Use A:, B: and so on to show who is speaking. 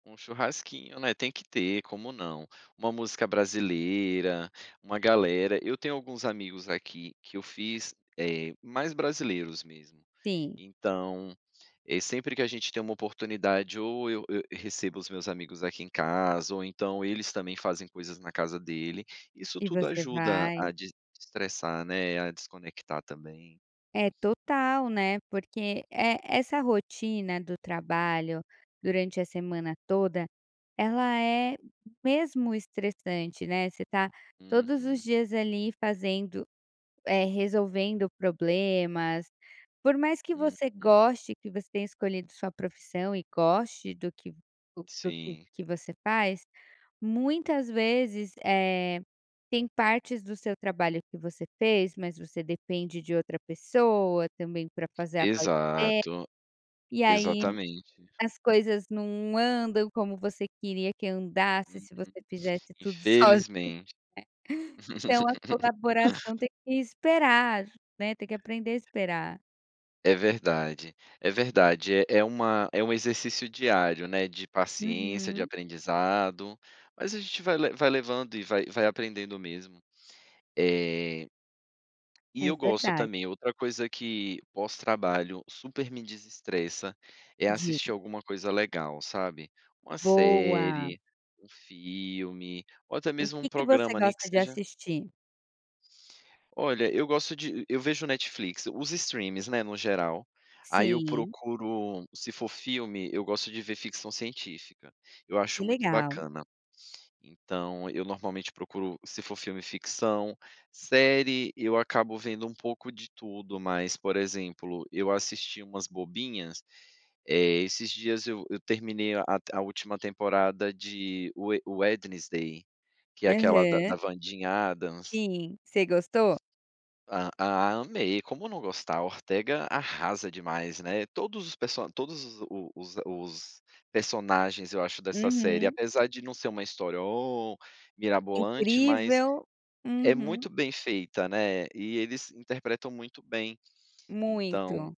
A: Um churrasquinho, né, tem que ter, como não, uma música brasileira, uma galera, eu tenho alguns amigos aqui que eu fiz, eh, mais brasileiros mesmo.
B: Sim.
A: Então, eh, sempre que a gente tem uma oportunidade ou eu eu recebo os meus amigos aqui em casa, ou então eles também fazem coisas na casa dele, isso
B: E
A: tudo
B: você
A: ajuda
B: vai.
A: a de estressar né, a desconectar também.
B: É, total, né, porque, eh, essa rotina do trabalho durante a semana toda, ela é mesmo estressante, né, você tá
A: Hum,
B: todos os
A: hum.
B: dias ali fazendo, eh, resolvendo problemas, por mais que
A: Hum
B: você
A: hum.
B: goste que você tenha escolhido sua profissão e goste do que do do
A: Sim.
B: que você faz, muitas vezes, eh, tem partes do seu trabalho que você fez mas você depende de outra pessoa também para fazer a parte deles,
A: Exato,
B: e aí
A: exatamente.
B: as coisas não andam como você queria que andasse
A: Uhum,
B: se
A: uhum,
B: você fizesse tudo sozinha
A: infelizmente.
B: não é, então a colaboração tem que esperar, né, tem que aprender a esperar.
A: É verdade, é verdade, é é uma é um exercício diário, né, de paciência, de
B: Uhum.
A: aprendizado, mas a gente vai le vai levando e vai vai aprendendo mesmo. Eh. E
B: É
A: eu gosto
B: verdade.
A: também, outra coisa que pós trabalho super me desestressa, é assistir
B: Diga.
A: alguma coisa legal, sabe. Uma
B: Boa.
A: série, um filme, ou até
B: O
A: mesmo um
B: que que você
A: programa, nem que
B: gosta de
A: seja
B: assistir?
A: Olha, eu gosto de eu vejo Netflix, os streamings, né, no geral, aí eu
B: Sim.
A: procuro, se for filme, eu gosto de ver ficção científica, eu
B: Que
A: acho muito
B: legal.
A: bacana. Então eu normalmente procuro, se for filme, ficção, série, eu acabo vendo um pouco de tudo mas, por exemplo, eu assisti umas bobinhas, eh, esses dias eu eu terminei a a última temporada de Wed Wednesday que é aquela da
B: Aham.
A: da Wandinha Adams.
B: Sim, você gostou?
A: Ah amei, como não gostar. A Ortega arrasa demais, né. Todos os perso todos os o os os personagens eu acho dessa série,
B: Uhum.
A: apesar de não ser uma história "oh" mirabolante, mas
B: Incrível.
A: é
B: Uhum.
A: muito bem feita, né, e eles interpretam muito bem. Então
B: Muito.